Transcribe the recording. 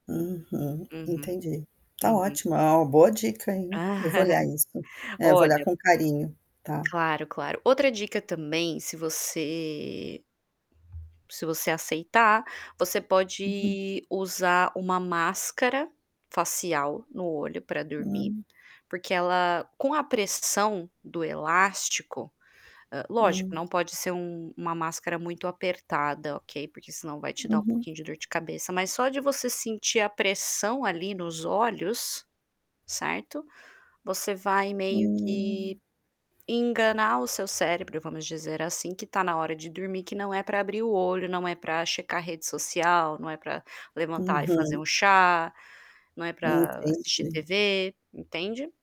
Uhum. Uhum, Entendi. Tá uhum. ótima, é uma boa dica, hein. Eu vou olhar isso. É, vou olhar Olha com carinho, tá. Claro claro, outra dica também se você se você aceitar, você Uhum. pode usar uma máscara facial no olho para dormir, Hum. porque ela, com a pressão do elástico hã, lógico Hum. não pode ser um uma máscara muito apertada, ok. Porque senão vai te dar Uhum. de dor de cabeça, mas só de você sentir a pressão ali nos olhos, certo. Você vai meio que Hum. enganar o seu cérebro vamos dizer assim que está na hora de dormir que não é para abrir o olho, não é para checar rede social, não é para levantar e fazer Uhum. um chá, não é para assistir Entendi. tv, entende?